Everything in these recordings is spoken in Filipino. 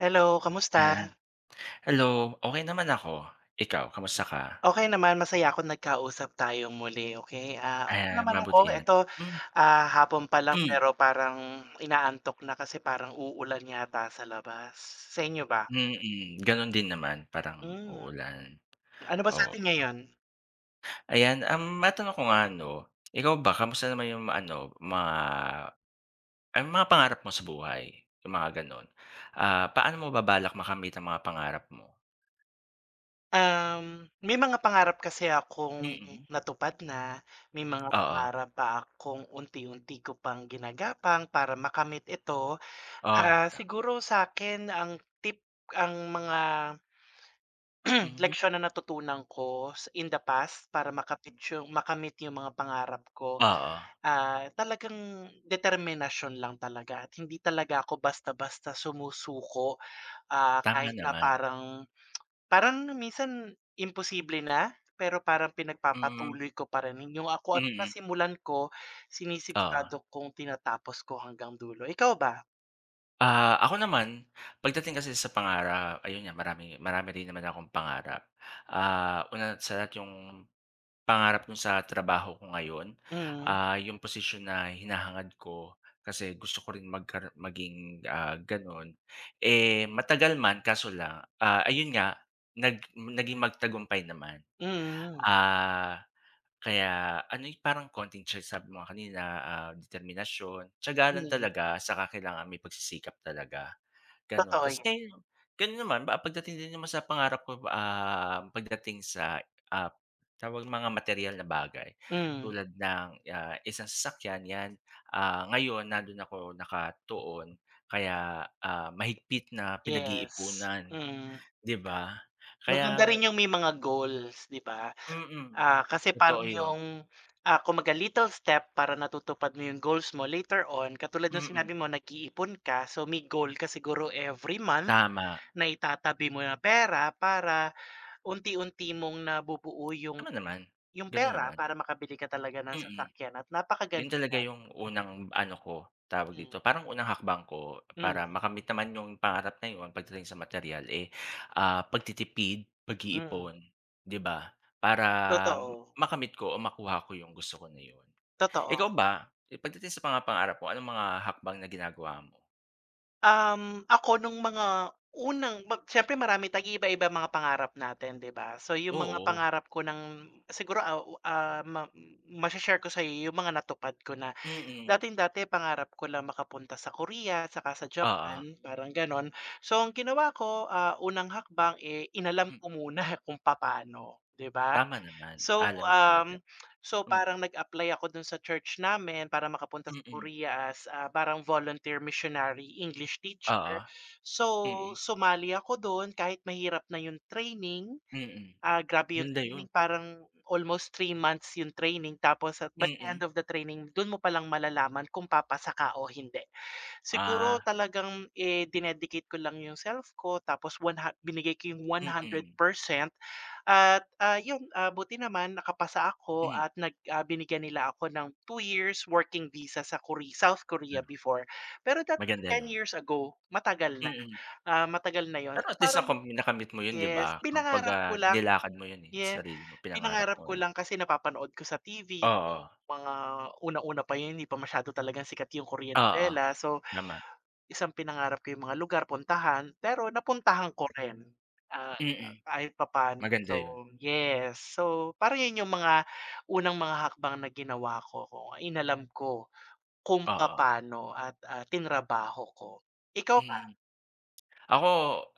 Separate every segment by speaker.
Speaker 1: Hello, kamusta?
Speaker 2: Ayan. Hello, okey naman ako, ikaw kamusta ka?
Speaker 1: Okey, naman masaya ako nag-kausap tayo muli okay, ah,
Speaker 2: Ay,
Speaker 1: naman
Speaker 2: mabuti
Speaker 1: ako
Speaker 2: yun,
Speaker 1: eto,
Speaker 2: hmm.
Speaker 1: ah, hapon pa lang
Speaker 2: Hmm.
Speaker 1: pero parang ina-antok na kasi parang uulan yata sa labas sa inyo ba?
Speaker 2: Mm, ganun din naman parang
Speaker 1: Hmm,
Speaker 2: uulan
Speaker 1: ano ba sa
Speaker 2: oo.
Speaker 1: atin ngayon?
Speaker 2: Ayan, ang matanong ko nga ano, ikaw ba kamusta naman yung mga ano mga ang mga pangarap mo sa buhay yung mga ganon. Ah, paano mo ba-balak makamit ang mga pangarap mo?
Speaker 1: Um, may mga pangarap kasi akong
Speaker 2: Mm.
Speaker 1: natupad na, may mga
Speaker 2: Oo.
Speaker 1: pangarap pa akong unti unti ko pang gina-gapang para makamit ito
Speaker 2: O,
Speaker 1: ah,
Speaker 2: ta
Speaker 1: siguro sakin ang tip ang mga,
Speaker 2: Mhm.
Speaker 1: leksiyon na natutunan ko in the past para ma-kamit yung ma-kamit yung mga pangarap ko
Speaker 2: Oo.
Speaker 1: ah, talagang determinasyon lang talaga at hindi talaga ako basta-basta sumusuko ah, Kahit
Speaker 2: Tama
Speaker 1: na
Speaker 2: naman.
Speaker 1: parang parang minsan imposible na pero parang
Speaker 2: Hmm.
Speaker 1: pinag-papatuloy ko pa yung ako at
Speaker 2: Mhm.
Speaker 1: nasimulan ko
Speaker 2: Oo.
Speaker 1: sini-sigurado kung tina-tapos ko hanggang dulo ikaw ba?
Speaker 2: Ah, ako naman, pagdating kasi sa pangarap, ayun nga, marami marami rin naman akong pangarap. Ah, una sa lahat yung pangarap dun sa trabaho ko ngayon.
Speaker 1: Mm.
Speaker 2: Ah, yung posisyon na hinahangad ko kasi gusto ko rin magkara maging ah, ganon. Eh, matagal man kaso lang ah, ayun nga, nag naging matagumpay naman.
Speaker 1: Mm.
Speaker 2: Ah, kaya ano parang konting tya sabi mo kanina ah, determinasyon. Tyaga lang
Speaker 1: Mm.
Speaker 2: talaga, tsaka kailangan may pagsisikap talaga. Ganon,
Speaker 1: Totoo
Speaker 2: tas
Speaker 1: 'yun.
Speaker 2: gano'n naman baka pagdating din naman sa pangarap ko ah, pagdating sa ah, tawag mga materyal na bagay.
Speaker 1: Mm.
Speaker 2: Tulad ng isang sasakyan, 'yan ah, ngayon nandoon ako nakatuon kaya, ah, mahigpit na
Speaker 1: Yes,
Speaker 2: pinag-iipunan.
Speaker 1: mm.
Speaker 2: 'Di ba
Speaker 1: Maganda
Speaker 2: kaya
Speaker 1: rin yung may mga goals, 'di ba?
Speaker 2: Mm,
Speaker 1: Ah, kasi parang
Speaker 2: totoo yun.
Speaker 1: yung ah, kumbaga, little step para natutupad mo yung goals mo later on, katulad nung
Speaker 2: Mm.
Speaker 1: sinabi mo nag-iipon ka so may goal ka siguro every month
Speaker 2: Tama.
Speaker 1: nai-tatabi mo ng pera para unti-unti mong na-bubuo yung,
Speaker 2: Tama naman,
Speaker 1: yung
Speaker 2: gano'n
Speaker 1: pera
Speaker 2: naman.
Speaker 1: para maka-bili ka talaga ng
Speaker 2: Mm,
Speaker 1: sasakyan at
Speaker 2: yun
Speaker 1: napa-kaganda
Speaker 2: talaga
Speaker 1: nyan,
Speaker 2: yung
Speaker 1: mm.
Speaker 2: unang ano ko, tawag
Speaker 1: Mm.
Speaker 2: dito parang unang hakbang ko para
Speaker 1: Mm.
Speaker 2: makamit naman yung pangarap na yun pagdating sa materyal eh, ah, pagtitipid,
Speaker 1: Mm.
Speaker 2: pag-iipon 'di ba? Para
Speaker 1: Totoo.
Speaker 2: makamit ko o makuha ko yung gusto ko na yun.
Speaker 1: Totoo.
Speaker 2: Ikaw ba, pagdating sa mga pangarap mo, anong mga hakbang na ginagawa mo?
Speaker 1: Um, ako nung mga unang bap siyempre marami tayong iiba-iba mga pangarap natin 'di ba? So yung mga
Speaker 2: Oo.
Speaker 1: pangarap ko ng siguro aw ah, ma masha-share ko sayo yung mga natupad ko na.
Speaker 2: Mm.
Speaker 1: Dating-dati pangarap ko lang makapunta sa Korea tsaka sa
Speaker 2: Oo.
Speaker 1: Japan, parang ganon. So, ang ginawa ko, ah, unang hakbang, eh, inalam
Speaker 2: M
Speaker 1: ko muna kung papano, di ba?
Speaker 2: Tama naman,
Speaker 1: So,
Speaker 2: ah, lamig talaga.
Speaker 1: um, so parang
Speaker 2: Mm.
Speaker 1: nag-apply ako dun sa church namin para maka-punta sa
Speaker 2: Mm.
Speaker 1: Korea as a parang volunteer missionary English
Speaker 2: Oo.
Speaker 1: teacher. So,
Speaker 2: Mm.
Speaker 1: sumali ako dun kahit mahirap na yung training,
Speaker 2: Mm.
Speaker 1: ah, grabe yung
Speaker 2: Yun na
Speaker 1: training
Speaker 2: yun.
Speaker 1: parang almost 3 months yung training tapos at but the end
Speaker 2: Mm.
Speaker 1: of the training dun mo palang malalaman kung papasa ka o hindi. Siguro
Speaker 2: Ah.
Speaker 1: talagang eh, dine-dicate ko lang yung self ko, tapos one ha binigay ko yung one hundred
Speaker 2: Mm.
Speaker 1: percent. At, ah, yun, ah, buti naman naka-pasa ako
Speaker 2: Mm.
Speaker 1: at nag ah, binigyan nila ako ng 2 years working visa sa Kori South Korea before. Pero that
Speaker 2: Maganda
Speaker 1: 10
Speaker 2: yun.
Speaker 1: years ago matagal na,
Speaker 2: Mm.
Speaker 1: ah, matagal na yun,
Speaker 2: Pero at least
Speaker 1: parang
Speaker 2: ako nakami nakamit mo yun 'di ba?
Speaker 1: yes,
Speaker 2: Kumbaga,
Speaker 1: pina-ngarap ko lang.
Speaker 2: nilakad mo yun, eh, sa
Speaker 1: Yeah.
Speaker 2: sarili mo, pina-ngarap mo,
Speaker 1: Pina-ngarap ko
Speaker 2: eh.
Speaker 1: lang kasi napa-panood ko sa TV kung
Speaker 2: Oo.
Speaker 1: mga unang-una pa yun hindi pa masyado talagang sikat yung Korean
Speaker 2: Oo.
Speaker 1: novela. So,
Speaker 2: Nama
Speaker 1: tas ang pinangarap ko yung mga lugar, puntahan, pero na-puntahan ko rin, ah, ah,
Speaker 2: Mm.
Speaker 1: kahit papano.
Speaker 2: Maganda yun.
Speaker 1: So yes. So, parang yun yung mga unang mga hakbang na ginawa ko, kung inalam ko kung
Speaker 2: Oo.
Speaker 1: papano at, ah, tina-rabaho ko. Ikaw ba?
Speaker 2: Mm. Ako,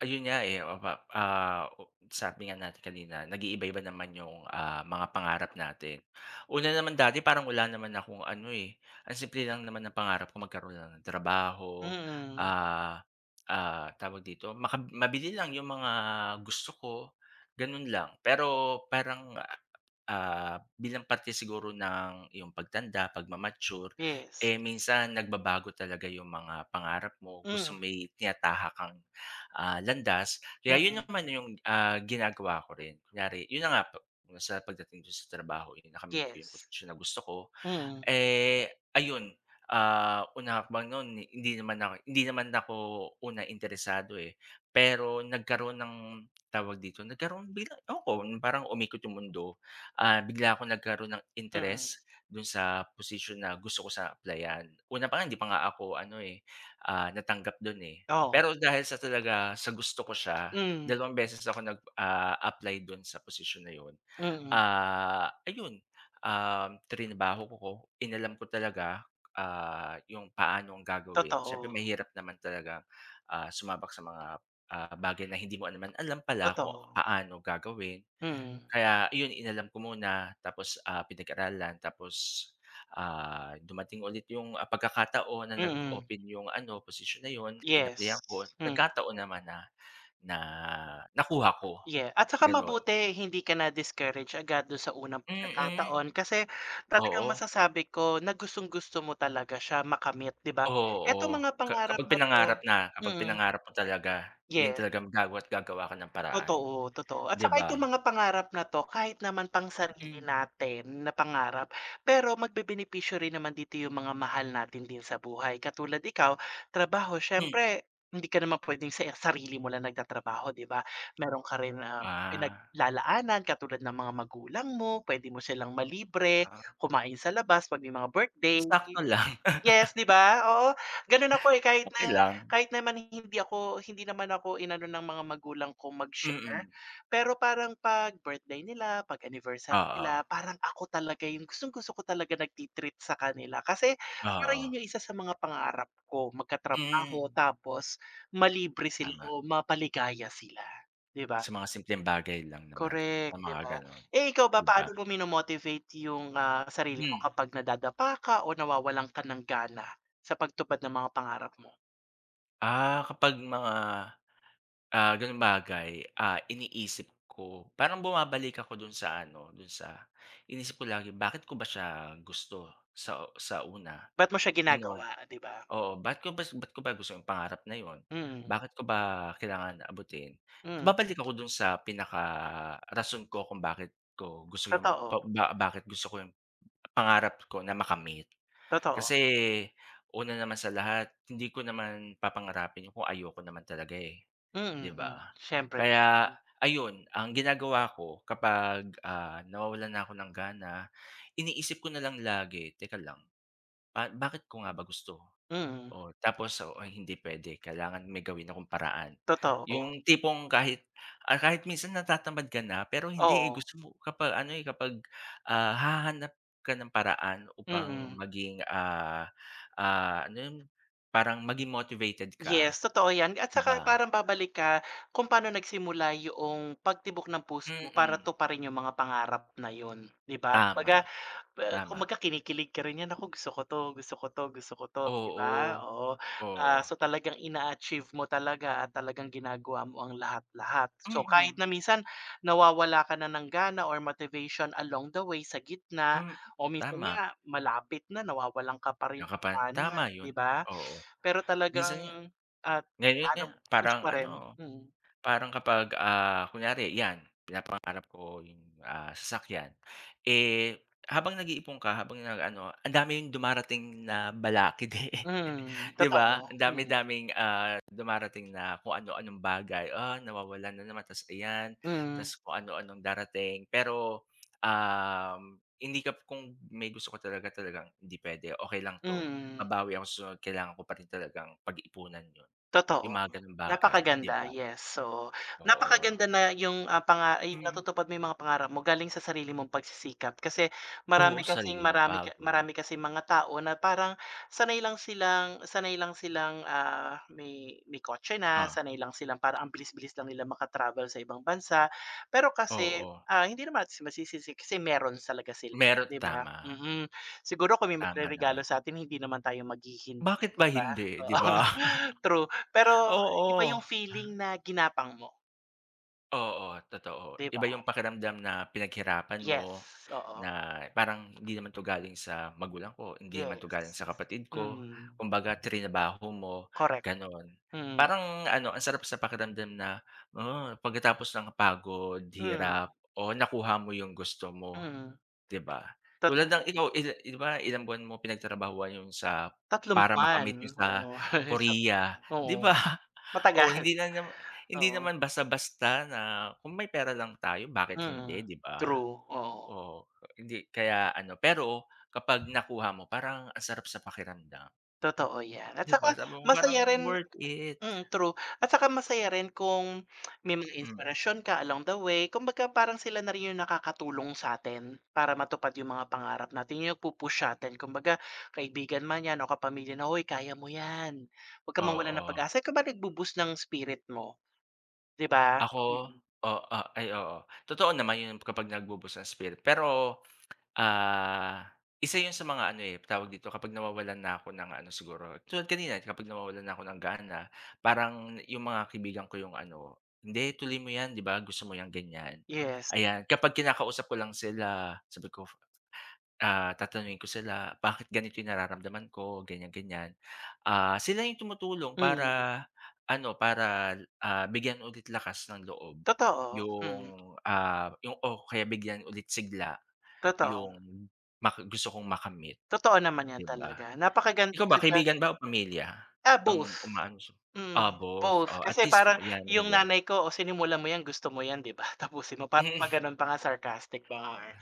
Speaker 2: ayun nga, eh, mapap ah, sabi nga natin kanina nag-iiba-iba naman yung, ah, mga pangarap natin. Una naman dati parang wala naman akong ano, eh, ang simple lang naman ng pangarap ko magkaroon lang ng trabaho,
Speaker 1: Mm.
Speaker 2: ah, ah, tawag dito, maka mabili lang yung mga gusto ko, ganun lang. Pero parang, ah, bilang parte siguro ng yung pag-tanda, pag-mamature,
Speaker 1: Yes.
Speaker 2: eh, minsan nag-babago talaga yung mga pangarap mo,
Speaker 1: Mm.
Speaker 2: gustong may tinatahak kang, ah, landas. Kaya yun
Speaker 1: Mm.
Speaker 2: naman yung, ah, ginagawa ko rin, kunyari, yun na nga, sa pagdating ko sa trabaho, eh, nakamit ko yung
Speaker 1: Yes.
Speaker 2: posisyon na gusto ko.
Speaker 1: Mm.
Speaker 2: Eh, ayun, ah, unang no'n hindi naman ako hindi naman ako una interesado, eh, pero nagkaroon ng tawag dito, nagkaroon bilang ewan ko, yung parang umikot 'yong mundo, ah, bigla akong nag-karoon ng
Speaker 1: Mm.
Speaker 2: interes do'n sa posisyon na gusto ko siya apply-an. Una pa nga hindi pa nga ako ano, eh, ah, natanggap do'n, eh.
Speaker 1: Oo.
Speaker 2: Pero dahil sa talaga sa gusto ko siya,
Speaker 1: Mhm.
Speaker 2: 2 beses ako nag, ah, apply do'n sa posisyon na 'yon.
Speaker 1: Mm.
Speaker 2: Ah, ayun, um, trinabaho ko, inalam ko talaga, ah, yung paanong gagawin. Siyempre
Speaker 1: Totoo.
Speaker 2: mahirap naman talaga, ah, sumabak sa mga, ah, bagay na hindi mo naman alam pala kung
Speaker 1: Totoo.
Speaker 2: paano gagawin.
Speaker 1: Mm.
Speaker 2: Kaya iyon, inalam ko muna, tapos, ah, pinag-aralan, tapos, ah, dumating ulit yung, ah, pag-kakataon na
Speaker 1: Mm.
Speaker 2: nag-open yung ano, posisyon na yun.
Speaker 1: Yes,
Speaker 2: Inapply-an ko,
Speaker 1: mm.
Speaker 2: nagkataon naman na, na nakuha ko,
Speaker 1: Yeah, at tsaka
Speaker 2: ganon.
Speaker 1: mabuti hindi ka na discourage agad dun sa unang
Speaker 2: Mm.
Speaker 1: pag-kakataon kasi, talagang
Speaker 2: Oo.
Speaker 1: masasabi ko na gustong-gusto mo talaga siya makamit 'di ba? Etong
Speaker 2: Oo,
Speaker 1: mga
Speaker 2: ka
Speaker 1: pangarap
Speaker 2: kapag
Speaker 1: na to
Speaker 2: pinangarap na kapag
Speaker 1: mm.
Speaker 2: pinangarap mo talaga, yun
Speaker 1: Yes.
Speaker 2: talagang gagawa't gagawa ka ng paraan,
Speaker 1: Totoo, totoo, at
Speaker 2: 'di
Speaker 1: tsaka
Speaker 2: ba?
Speaker 1: itong mga pangarap na 'to kahit naman pang sarili
Speaker 2: Mm.
Speaker 1: natin, na pangarap, pero mag-bebenepisyo rin naman dito yung mga mahal natin din sa buhay, katulad Ikaw, trabaho.
Speaker 2: Hmm.
Speaker 1: Siyempre, hindi ka naman pwedeng se sarili mo lang nag-tatrabaho 'di ba? Meron ka rin na
Speaker 2: Ah.
Speaker 1: pinaglalaanan katulad ng mga magulang mo, pwede mo silang ma-libre,
Speaker 2: Ah.
Speaker 1: kumain sa labas 'pag may mga birthday,
Speaker 2: Sakto
Speaker 1: ye
Speaker 2: lang.
Speaker 1: yes, 'di ba? Oo, ganun ako, eh, kahit
Speaker 2: Okey
Speaker 1: na
Speaker 2: lang.
Speaker 1: kahit naman hindi ako hindi naman ako i-nano ng mga magulang kong mag-share,
Speaker 2: Mm.
Speaker 1: pero parang pag birthday nila, pag anniversary nila,
Speaker 2: Oo.
Speaker 1: parang ako talaga yung gustong-gusto ko talaga nagti-treat sa kanila. Kasi, parang
Speaker 2: Oo.
Speaker 1: yun yung isa sa mga pangarap ko,
Speaker 2: Mhm.
Speaker 1: mag-katrabaho tapos ma-libre sila
Speaker 2: Tama.
Speaker 1: o mapaligaya sila, 'di ba?
Speaker 2: Sa mga simpleng bagay lang naman, sa
Speaker 1: Korek, 'di
Speaker 2: mga
Speaker 1: ba?
Speaker 2: ganon,
Speaker 1: Eh, ikaw ba
Speaker 2: 'di ba?
Speaker 1: paano mo mino-motivate yung, ah, sarili mo
Speaker 2: Mm.
Speaker 1: kapag na-dadapa ka o nawawalan ka ng gana, sa pag tupad ng mga pangarap mo?
Speaker 2: Ah, kapag mga ah, ganoong bagay, ah, iniisip ko parang bumabalik ako dun sa ano, dun sa iniisip ko lagi bakit ko ba siya gusto sa sa una,
Speaker 1: Bakit mo siya
Speaker 2: ganoon
Speaker 1: ginagawa, di ba?
Speaker 2: oo, bakit ko ba bakit ko ba gusto yung pangarap na iyon?
Speaker 1: Mm.
Speaker 2: Bakit ko ba kailangan abutin?
Speaker 1: Hmm.
Speaker 2: Babalik ako dun sa pinakarason ko kung bakit ko gusto yung
Speaker 1: Totoo.
Speaker 2: ba bakit gusto ko yung pangarap ko na makamit
Speaker 1: Totoo.
Speaker 2: kasi una naman sa lahat hindi ko naman papangarapin kung ayoko naman talaga 'di
Speaker 1: Mm,
Speaker 2: ba
Speaker 1: siyempre.
Speaker 2: kaya ayun ang ginagawa ko kapag, ah, nawawalan na ako ng gana, iniisip ko na lang lagi teka lang bakit ko nga ba gusto
Speaker 1: Mm.
Speaker 2: o tapos hindi puwede kailangan may gawin akong paraan
Speaker 1: Totoo.
Speaker 2: yung tipong kahit, ah, kahit minsan natatamad ka na pero hindi eh,
Speaker 1: Oo.
Speaker 2: gusto mo kapag ano eh, kapag ah, hahanap ka ng paraan upang
Speaker 1: Mm.
Speaker 2: maging, ah, ah, ano yun parang maging motivated ka,
Speaker 1: Yes, totoo yan at
Speaker 2: di
Speaker 1: saka
Speaker 2: ba?
Speaker 1: parang babalik ka kung pano nagsimula yung pagtibok ng puso mo para
Speaker 2: Mm.
Speaker 1: tuparin yung mga pangarap na iyon di ba,
Speaker 2: Tama,
Speaker 1: kumbaga
Speaker 2: tama
Speaker 1: kumbaga, kinikilig ka rin yan kung gusto ko ito, gusto ko ito gusto ko ito di ba,
Speaker 2: Oo,
Speaker 1: oo, ah, so
Speaker 2: oo.
Speaker 1: talagang in achieve mo talaga at talagang ginagawa mo ang lahat-lahat, so, kahit
Speaker 2: Mm.
Speaker 1: na minsan nawawala ka na ng gana or motivation along the way sa gitna
Speaker 2: Hmm,
Speaker 1: o minsan
Speaker 2: tama.
Speaker 1: nga malapit na nawawalan ka pa rin
Speaker 2: Nakapan
Speaker 1: ano,
Speaker 2: tama yun,
Speaker 1: di ba?
Speaker 2: oo
Speaker 1: Pero
Speaker 2: minsan nga
Speaker 1: talagang at
Speaker 2: gaya niyan
Speaker 1: paanong push
Speaker 2: parang
Speaker 1: pa rin,
Speaker 2: ano
Speaker 1: mm.
Speaker 2: parang kapag, ah, kunyari 'yan pinapangarap ko yung sasakyan eh, habang nag-iipon ka habang nag-ano, ang dami dumarating na balakid
Speaker 1: Mm,
Speaker 2: 'di ba
Speaker 1: totoo,
Speaker 2: ang
Speaker 1: Mm.
Speaker 2: dami-daming dumarating na kung ano-anong bagay, ah, nawawalan na naman tapos 'yan
Speaker 1: Mm.
Speaker 2: tapos kung ano-anong darating pero ah, hindi ka kung may gusto ka talaga-talagang puwede okay lang 'to
Speaker 1: Mm.
Speaker 2: babawi ako sa kailangan ko pa rin talagang pag-iipunan 'yon, yung
Speaker 1: Totoo,
Speaker 2: mga gano'ng bagay, di
Speaker 1: napa-kaganda
Speaker 2: ba?
Speaker 1: yes, so
Speaker 2: Oo.
Speaker 1: napa-kaganda na yung, ah, panga ay
Speaker 2: Mm.
Speaker 1: natutupad mo yung mga pangarap mo galing sa sarili mong pagsisikap kasi
Speaker 2: Oo,
Speaker 1: marami kasing,
Speaker 2: sarili mong
Speaker 1: marami
Speaker 2: pagod.
Speaker 1: marami kasing mga tao na parang sanay lang silang sanay lang silang, ah, may may kotse na,
Speaker 2: O
Speaker 1: sanay lang silang parang ang bilis bilis lang nilang makatravel sa ibang bansa. Pero kasi,
Speaker 2: Oo.
Speaker 1: ah, hindi naman masisisi kasi kasi meron talaga sila
Speaker 2: Meron,
Speaker 1: di ba?
Speaker 2: tama.
Speaker 1: Mm, siguro kung may
Speaker 2: Tama
Speaker 1: magreregalo
Speaker 2: naman.
Speaker 1: sa'tin hindi naman tayo mag-hihindi
Speaker 2: Bakit
Speaker 1: di
Speaker 2: ba
Speaker 1: ba?
Speaker 2: hindi, di
Speaker 1: Oo,
Speaker 2: ba?
Speaker 1: true pero iba yung
Speaker 2: Oo.
Speaker 1: feeling na ginapang mo.
Speaker 2: Oo, totoo
Speaker 1: 'Di
Speaker 2: iba
Speaker 1: ba.
Speaker 2: yung pakiramdam na pinaghirapan mo,
Speaker 1: Yes, oo.
Speaker 2: na parang hindi naman 'to galing sa magulang ko, hindi naman 'to galing
Speaker 1: Yes,
Speaker 2: sa kapatid ko
Speaker 1: mm.
Speaker 2: kumbaga tinrabaho mo,
Speaker 1: Correct,
Speaker 2: ganun,
Speaker 1: mm.
Speaker 2: parang ano ang sarap sa pakiramdam na, oo, pagkatapos ng pagod,
Speaker 1: Hmm.
Speaker 2: hirap o nakuha mo yung gusto mo,
Speaker 1: Mm.
Speaker 2: 'di ba,
Speaker 1: Tot
Speaker 2: tulad ng ikaw ilan 'di ba ilang buwan mo pinagtrabahuhan yung sa
Speaker 1: 3
Speaker 2: para
Speaker 1: buwan
Speaker 2: makamit yung sa
Speaker 1: oo.
Speaker 2: Korea,
Speaker 1: [unintelligible]
Speaker 2: 'di
Speaker 1: Oo,
Speaker 2: ba, o
Speaker 1: matagal,
Speaker 2: hindi na naman hindi
Speaker 1: oo.
Speaker 2: naman basta-basta na kung may pera lang tayo bakit
Speaker 1: Mm,
Speaker 2: hindi, 'di ba,
Speaker 1: true, oo.
Speaker 2: oo, hindi kaya ano pero kapag nakuha mo parang ang sarap sa pakiramdam.
Speaker 1: Totoo 'yan, at
Speaker 2: 'Di ba,
Speaker 1: tsaka
Speaker 2: sabi mo parang
Speaker 1: masaya rin
Speaker 2: worth it.
Speaker 1: mm, true at tsaka masaya rin kung may mga
Speaker 2: Hmm.
Speaker 1: inspirasyon ka along the way, kumbaga parang sila na rin yung nakakatulong sa atin, para matupad yung mga pangarap natin, yung nagpupush satin, kumbaga kaibigan man 'yan o kapamilya na, "Hoy kaya mo 'yan, 'wag kang mawalan ng
Speaker 2: Oo.
Speaker 1: pag-asa." Kumbaga nagbu-boost ng spirit mo, 'di ba?
Speaker 2: Ako
Speaker 1: Mm.
Speaker 2: o a ay, oo, totoo naman yun kapag nagbu-boost ng spirit pero, ah, isa yun sa mga, ano, eh, tawag dito kapag nawawalan na ako ng, ano, siguro tulad kanina kapag nawawalan na ako ng gana, parang yung mga kaibigan ko 'yong, ano, "Hindi tuloy mo 'yan, 'di ba gusto mo ganyan."
Speaker 1: Yes.
Speaker 2: Ayan, kapag kinakausap ko lang sila, sabi ko, ah, tatanungin ko sila, "Bakit ganito yung nararamdaman ko." Ganyan-ganyan, ah, sila yung tumutulong
Speaker 1: Mm.
Speaker 2: para, ano, para, ah, bigyan ulit lakas ng loob
Speaker 1: Totoo, hmm.
Speaker 2: yung, ah, yung o kaya bigyan ulit sigla,
Speaker 1: Totoo.
Speaker 2: yung maka gusto kong makamit,
Speaker 1: Totoo naman 'yan
Speaker 2: 'di ba.
Speaker 1: talaga
Speaker 2: Ikaw ba
Speaker 1: napakagandaga
Speaker 2: kaibigan ba o pamilya
Speaker 1: Ah, both,
Speaker 2: ang umaano ah,
Speaker 1: mm.
Speaker 2: both
Speaker 1: Both
Speaker 2: o at
Speaker 1: kasi
Speaker 2: least
Speaker 1: parang
Speaker 2: 'yan,
Speaker 1: yung
Speaker 2: maganda 'yan.
Speaker 1: nanay ko, "O, sinimulan mo 'yan, gusto mo 'yan, 'di ba? Tapusin mo." Pa
Speaker 2: Hmm.
Speaker 1: paganon pa nga sarcastic pa nga, eh.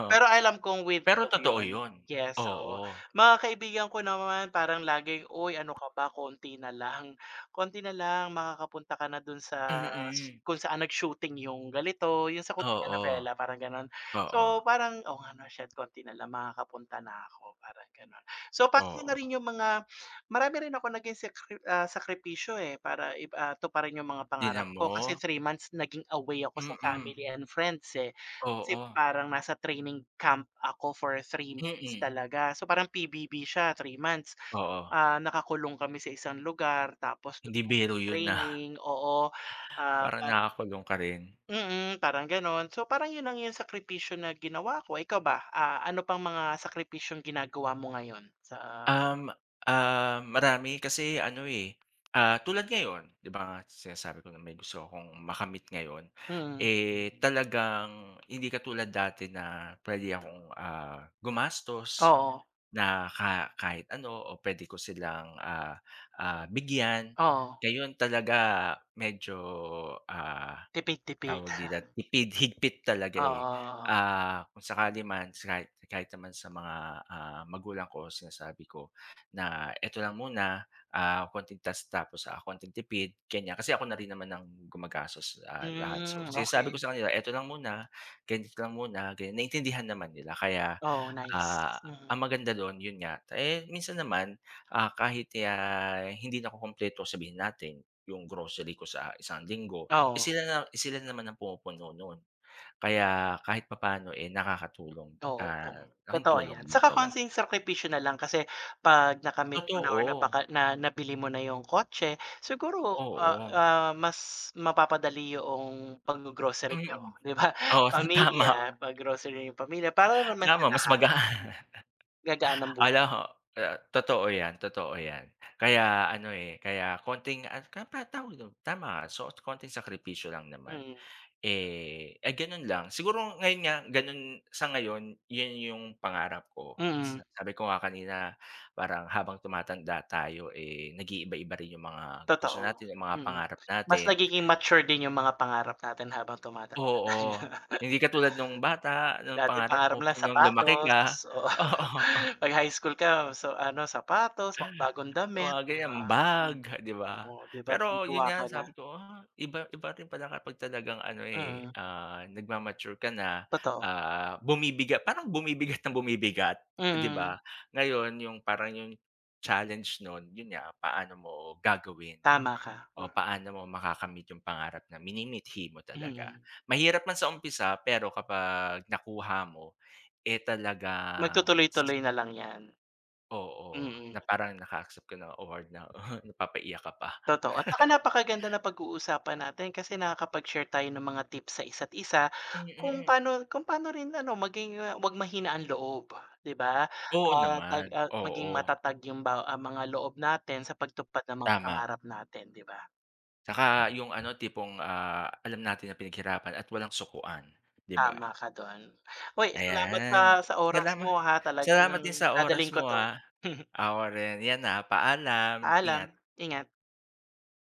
Speaker 2: O,
Speaker 1: Pero alam kong with
Speaker 2: pero
Speaker 1: love
Speaker 2: totoo
Speaker 1: 'yon,
Speaker 2: yun,
Speaker 1: yes, oo.
Speaker 2: oo.
Speaker 1: Mga kaibigan ko naman parang laging, "Oy, ano ka ba konti na lang, konti nalang makakapunta ka na dun sa
Speaker 2: Mm.
Speaker 1: kung saan nag-shooting yung ganito yung sa
Speaker 2: Oo,
Speaker 1: koreanovela parang ganon." So
Speaker 2: oo.
Speaker 1: parang, "Oo nga, 'no, shet konti na lang, makakapunta na ako." Parang ganon, so pano na
Speaker 2: Oo.
Speaker 1: rin yung mga marami rin akong naging sekri ah, sakripisyo, eh, para ip ah, tuparin yung mga pangarap
Speaker 2: Tignan
Speaker 1: ko kasi
Speaker 2: mo.
Speaker 1: 3 months naging away ako sa
Speaker 2: Mm.
Speaker 1: family and friends, eh, kasi
Speaker 2: Oo.
Speaker 1: parang nasa training camp ako for 3 months
Speaker 2: Mm.
Speaker 1: talaga, so, parang PBB siya 3 months,
Speaker 2: Oo.
Speaker 1: ah, nakakulong kami sa 1 lugar tapos dun
Speaker 2: Hindi
Speaker 1: kami
Speaker 2: biro yun, ah,
Speaker 1: nag-training, oo, ah
Speaker 2: parang
Speaker 1: par
Speaker 2: nakakulong ka rin.
Speaker 1: Mm, parang ganon, so parang yun lang yung sakripisyo na ginawa ko. Ikaw ba, ah, ano pang mga sakripisyong ginagawa mo ngayon sa
Speaker 2: Um, ah, marami kasi, ano, eh, ah, tulad ngayon, 'di ba nga, sinasabi ko na may gusto akong makamit ngayon,
Speaker 1: Mm.
Speaker 2: eh, talagang hindi katulad dati na pwede akong, ah, gumastos
Speaker 1: Oo.
Speaker 2: na ka kahit ano o pwede ko silang, ah, ah, bigyan
Speaker 1: Oo.
Speaker 2: ngayon talaga medyo, ah,
Speaker 1: Tipid-tipid.
Speaker 2: tawag dito tipid higpit talaga, eh,
Speaker 1: Oo.
Speaker 2: ah kung sakali man sa kahit kahit naman sa mga, ah, magulang ko sinasabi ko na,"Eto lang muna, ah, konting test tapos, ah, konting tipid." Ganyan kasi ako na rin naman ang gumagastos sa lahat, so,
Speaker 1: Hmm,
Speaker 2: sinasabi
Speaker 1: okey.
Speaker 2: ko sa kanila, "Eto lang muna, ganito lang muna." Ganyan, naiintindihan naman nila kaya,
Speaker 1: Oo, nice.
Speaker 2: ah,
Speaker 1: Mm.
Speaker 2: ang maganda do'n, yun nga, eh, minsan naman, ah, kahit hindi nakukumpleto sabihin natin 'yong grocery ko sa 1 linggo
Speaker 1: Oo.
Speaker 2: sila na sila naman ang pumupuno nun kaya kahit papaano, eh, nakakatulong,
Speaker 1: Oo,
Speaker 2: ah, laking
Speaker 1: totoo
Speaker 2: tulong
Speaker 1: 'yan,
Speaker 2: din
Speaker 1: 'tsaka
Speaker 2: talaga,
Speaker 1: konting
Speaker 2: eh.
Speaker 1: sakripisyo nalang kasi 'pag nakamit mo na or
Speaker 2: Totoo.
Speaker 1: napaka na nabili mo na yung kotse siguro, ah,
Speaker 2: Oo.
Speaker 1: ah, mas mapapadali yoong pag-gogrocery
Speaker 2: Mm,
Speaker 1: nyo, 'di ba?
Speaker 2: oo, tama.
Speaker 1: Pamilya pag-grocery yung pamilya para naman sa
Speaker 2: 'Tamo mas
Speaker 1: lahat.
Speaker 2: mag, ah,
Speaker 1: Gagaan ang bu
Speaker 2: ano ho, o totoo yan, totoo yan, kaya ano, eh, kaya konting, ano, ta ta tawag dun tama nga so konting sakripisyo lang naman,
Speaker 1: Mm.
Speaker 2: eh ah, ganon lang siguro ngayon nga ganun sa ngayon, yun yung pangarap ko, s
Speaker 1: Mm.
Speaker 2: sabi ko nga kanina parang habang tumatanda tayo, eh, nag-iiba-iba rin yung mga gusto
Speaker 1: Totoo,
Speaker 2: natin, yung mga
Speaker 1: mm,
Speaker 2: pangarap
Speaker 1: mas
Speaker 2: natin.
Speaker 1: nagiging mature din yung mga pangarap natin habang tumatanda na.
Speaker 2: Oo, hindi katulad nung bata nung
Speaker 1: Dati,
Speaker 2: pangarap
Speaker 1: pangarap
Speaker 2: mo
Speaker 1: lang
Speaker 2: nung lumaki ka.
Speaker 1: sapatos, oh
Speaker 2: Oo.
Speaker 1: 'pag highschool ka, so, ano, sapatos mga bagong damit,
Speaker 2: Mga
Speaker 1: 'di
Speaker 2: ganyan,
Speaker 1: ba, hmm.
Speaker 2: bag 'di ba
Speaker 1: Oh, 'di ba,
Speaker 2: pero yun
Speaker 1: tuwang-tuwang ka
Speaker 2: nga
Speaker 1: na.
Speaker 2: sabi ko, ah, iba iba rin pala kapag talagang ano eh,
Speaker 1: Mm.
Speaker 2: ah, nag-ma-mature ka na,
Speaker 1: Totoo.
Speaker 2: ah, bumibiga parang bumibigat nang bumibigat, 'di ba?
Speaker 1: Mm.
Speaker 2: Ngayon yung parang 'yong challenge nun yun nga paano mo gagawin
Speaker 1: Tama ka.
Speaker 2: o paano mo makakamit yung pangarap na minimithi mo talaga.
Speaker 1: Mm.
Speaker 2: Mahirap man sa umpisa pero kapag nakuha mo eh, talagang
Speaker 1: Magtutuloy-tuloy na lang 'yan.
Speaker 2: Oo,
Speaker 1: Mm.
Speaker 2: na parang naka-accept ka ng award na napapa-iyak ka pa.
Speaker 1: Totoo at 'tsaka napakaganda napag-uusapan natin kasi nakakapag-share tayo ng mga tips sa isa't-isa,
Speaker 2: Hmm,
Speaker 1: kung
Speaker 2: mm.
Speaker 1: pano kung pano rin ano, maging 'wag mahina ang loob, 'di ba,
Speaker 2: Oo,
Speaker 1: ah, tag
Speaker 2: naman,
Speaker 1: ah, maging
Speaker 2: oo.
Speaker 1: matatag yung ba ah, mga loob natin sa pagtupad ng mga
Speaker 2: Tama.
Speaker 1: pangarap natin, 'di ba?
Speaker 2: 'Tsaka yung, ano, tipong, ah, alam natin na pinaghirapan at walang sukuan, 'di
Speaker 1: Tama
Speaker 2: ba?
Speaker 1: ka dun. Hoy, salamat ha
Speaker 2: Ayan,
Speaker 1: sa oras
Speaker 2: salama
Speaker 1: mo, ha,
Speaker 2: salamat din
Speaker 1: talagang
Speaker 2: sa oras
Speaker 1: dadalhin ko
Speaker 2: mo,
Speaker 1: 'to.
Speaker 2: ah, ako rin 'yan, ah, paalam,
Speaker 1: Paalam,
Speaker 2: ingat.
Speaker 1: ingat.